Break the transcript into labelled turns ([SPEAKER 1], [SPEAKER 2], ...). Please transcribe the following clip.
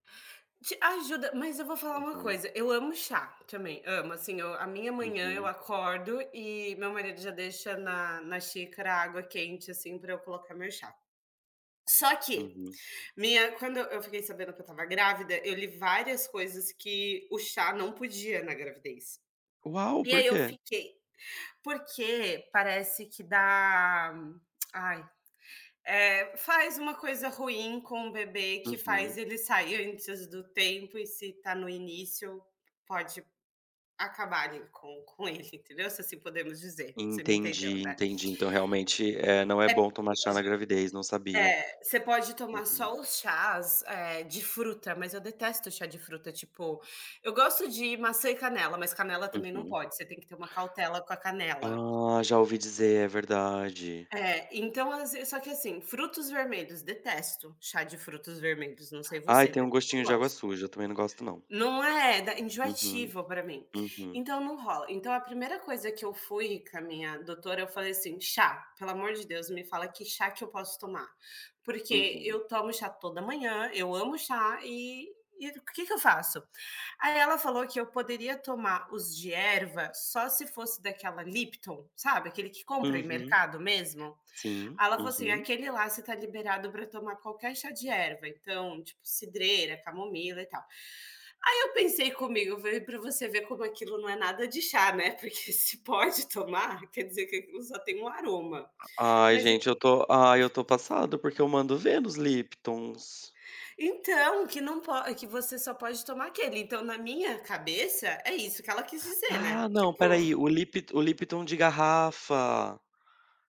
[SPEAKER 1] Te ajuda, mas eu vou falar uma
[SPEAKER 2] Uhum.
[SPEAKER 1] coisa, eu amo chá também, amo assim eu a minha manhã eu
[SPEAKER 2] Uhum.
[SPEAKER 1] acordo e meu marido já deixa na na xícara a água quente, assim, para eu colocar meu chá. Só que,
[SPEAKER 2] Uhum.
[SPEAKER 1] minha quando eu eu fiquei sabendo que eu estava grávida, eu li várias coisas que o chá não podia na gravidez.
[SPEAKER 2] Uau,
[SPEAKER 1] E
[SPEAKER 2] por
[SPEAKER 1] aí eu
[SPEAKER 2] quê?
[SPEAKER 1] fiquei porque parece que dá, ai, eh, faz uma coisa ruim com o bebê que faz
[SPEAKER 2] Uhum.
[SPEAKER 1] ele sair antes do tempo e se tá no início, pode acabarem com com ele entendeu, se assim podemos dizer, você me entendeu,
[SPEAKER 2] Entendi,
[SPEAKER 1] né?
[SPEAKER 2] entendi então realmente é não é
[SPEAKER 1] É,
[SPEAKER 2] bom tomar
[SPEAKER 1] tipo
[SPEAKER 2] chá na
[SPEAKER 1] assim,
[SPEAKER 2] gravidez não sabia.
[SPEAKER 1] eh, você pode tomar
[SPEAKER 2] Uhum.
[SPEAKER 1] só os chás, eh, de fruta, mas eu detesto chá de fruta tipo, eu gosto de maçã e canela, mas canela também não
[SPEAKER 2] Uhum.
[SPEAKER 1] pode, você tem que ter uma cautela com a canela.
[SPEAKER 2] Ah, já ouvi dizer é verdade.
[SPEAKER 1] É, então às vezes só que assim, frutos vermelhos, detesto, chá de frutos vermelhos não sei
[SPEAKER 2] Ai,
[SPEAKER 1] você,
[SPEAKER 2] tem
[SPEAKER 1] mas
[SPEAKER 2] um
[SPEAKER 1] eu
[SPEAKER 2] gostinho
[SPEAKER 1] não
[SPEAKER 2] de água
[SPEAKER 1] gosto.
[SPEAKER 2] suja, também não gosto não.
[SPEAKER 1] Não é, da
[SPEAKER 2] Uhum.
[SPEAKER 1] enjoativa para mim,
[SPEAKER 2] Uhum.
[SPEAKER 1] então não rola, então a primeira coisa que eu fui com a minha doutora eu falei assim: "Chá, pelo amor de Deus me fala que chá que eu posso tomar, porque
[SPEAKER 2] Uhum.
[SPEAKER 1] eu tomo chá toda manhã, eu amo chá e o que que eu faço?". Aí ela falou que eu poderia tomar os de erva só se fosse daquela lipton, sabe, aquele que compra em
[SPEAKER 2] Uhum.
[SPEAKER 1] mercado mesmo.
[SPEAKER 2] Sim,
[SPEAKER 1] Ela falou assim
[SPEAKER 2] uhum.
[SPEAKER 1] aquele lá você está liberado para tomar qualquer chá de erva, então, tipo, cidreira, camomila e tal. Aí eu pensei comigo, veio para você ver como aquilo não é nada de chá, né, porque se pode tomar quer dizer que aquilo só tem um aroma.
[SPEAKER 2] Ai
[SPEAKER 1] Mas ent
[SPEAKER 2] gente, eu tô ai eu estou passado, porque eu mando o ver nos liptons.
[SPEAKER 1] Então que não po que você só pode tomar aquele, então na minha cabeça é isso que ela quis dizer,
[SPEAKER 2] Ah
[SPEAKER 1] né.
[SPEAKER 2] não, espera aí,
[SPEAKER 1] Tipo
[SPEAKER 2] o lip o lipton de garrafa.